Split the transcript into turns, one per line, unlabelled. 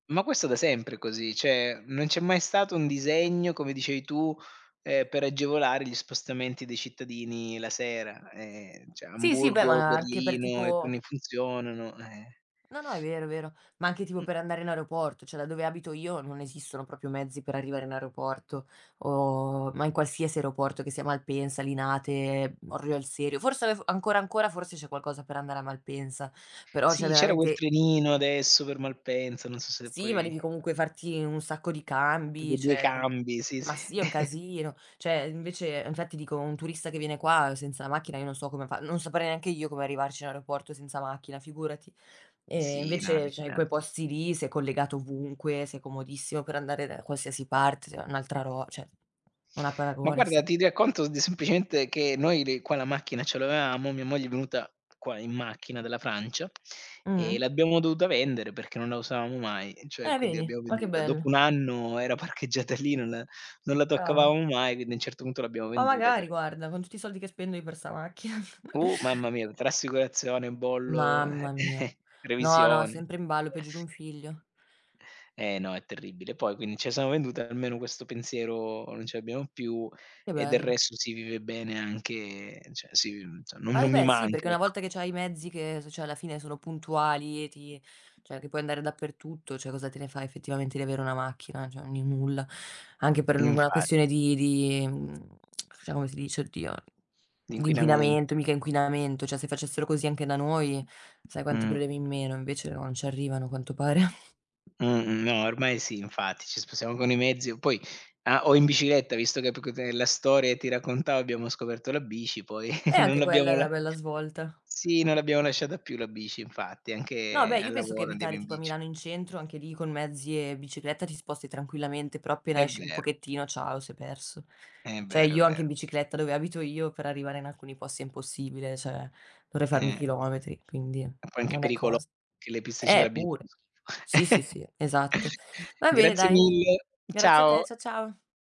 Ma questo da sempre è così, cioè non c'è mai stato un disegno, come dicevi tu, ehm, per agevolare gli spostamenti dei cittadini la sera. Ehm, cioè,
Sì, sì, beh,
Amburgo,
ma anche per
Berlino,
tipo
[unintelligible] funzionano, eh
No, no, è vero, è vero, ma anche tipo
Mh
per andare in aeroporto, cioè da dove abito io non esistono proprio mezzi per arrivare in aeroporto o ma in qualsiasi aeroporto che sia Malpensa, Linate, uhm, Orio al Serio, forse af ancora, ancora, forse c'è qualcosa per andare a Malpensa, però cioè
Sì, c'era quel
veramente
trenino adesso per Malpensa, non so se
Sì, ma
poi
devi comunque farti un sacco di
Tipo
cambi,
2
cioè, co
cambi, sì,
ma
sì.
sì, è un casino. Cioè, invece infatti, dico, un turista che viene qua senza la macchina, io non so come fa. Non saprei neanche io come arrivarci in aeroporto senza macchina, figurati. Ehm,
Sì, no,
invece, cioè, in quei
allucinanti.
posti lì sei collegato ovunque, sei comodissimo per andare da qualsiasi parte, sei un'altra ro cioè, non ha
Ma
paragone
guarda,
sta
ti racconto d semplicemente che noi, le qua la macchina ce l'avevamo. Mia moglie è venuta qua in macchina dalla Francia, ehm,
Mh-mh.
l'abbiamo dovuta vendere perché non la usavamo mai. Cioè,
Eh
quindi
vedi,
abbiamo
ma che
venduta. Dopo
bello.
1 anno era parcheggiata lì, non la non la
Cavoli.
toccavamo mai, quindi a un certo punto l'abbiamo
Ma
venduta
magari
per
guarda, con tutti i soldi che spendo io per sta macchina.
Uh! Mamma mia, tra assicurazione, bollo,
Mamma
eh,
mia. No, no,
revisioni.
sempre in ballo peggio di un figlio.
Eh no, è terribile. Poi quin ce la siamo venduta almeno questo pensiero non ce l'abbiamo più
Che
e del
bello.
resto si vive bene anche, cioè, sì, uhm, cioè no
Ma e
non mi
beh, sì,
manca,
perché una
ecco.
volta che c'hai i mezzi che s cioè, alla fine sono puntuali e ti cioè, che puoi andare dappertutto, cioè, cosa te ne fai effettivamente di avere una macchina? Cioè, n il nulla. Anche per l una questione
Infatti.
di di, mhmm, diciamo co si dice, oddio, di
L'inquinament
inquinamento. Mica inquinamento. Cioè, se facessero così anche da noi sai quanti
Mh.
problemi in meno, invece no, non ci arrivano, a quanto pare.
Mh-mh, no, ormai sì, infatti ci spostiamo con i mezzi, poi, ah o in bicicletta, visto che p c della storia ti raccontavo, abbiamo scoperto la bici, poi
Eh,
non
anche quella è
l'abbiamo la
una bella svolta.
sì, non l'abbiamo lasciata più la bici. Infatti,
No,
anche
beh, io
al
penso che
lavoro andiamo
abitare
in
tipo a
bici.
Milano in centro, anche lì con mezzi e bicicletta ti sposti tranquillamente, però appena
È
esci un
vero.
pochettino, ciao, sei perso.
È
Cioè,
vero, è
io anche in
vero.
bicicletta, dove abito io, per arrivare in alcuni posti è impossibile, cioè dovrei farmi
Eh.
chilometri, quindi
È un po' anche
non è
pericolo
cosa.
che le piste
Eh,
ciclabili fanno
pure,
schifo.
sì, sì, sì, esatto. Va bene,
Grazie
dai,
mille.
grazie a te.
Ciao.
Cia ciao.